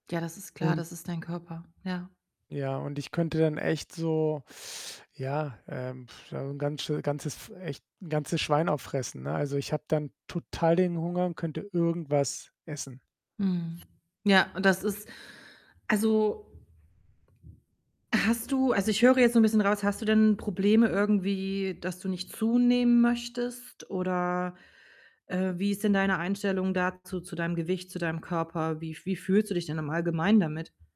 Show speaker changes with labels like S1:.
S1: Ja, das ist klar,
S2: Und
S1: das ist dein Körper, ja.
S2: ja, und ich könnte dann echt so ja, ähm, so 'n ganz schö ganzes echt 'n ganzes Schwein auffressen, ne? Also, ich habe dann total den Hunger und könnte irgendwas essen.
S1: Mhm. Ja, und das ist also hast du also, ich höre jetzt so 'n bisschen raus, hast du denn Probleme irgendwie, dass du nicht zunehmen möchtest oder, äh, wie ist denn deine Einstellung dazu, zu deinem Gewicht, zu deinem Körper? Wie f wie fühlst du dich denn im Allgemeinen damit?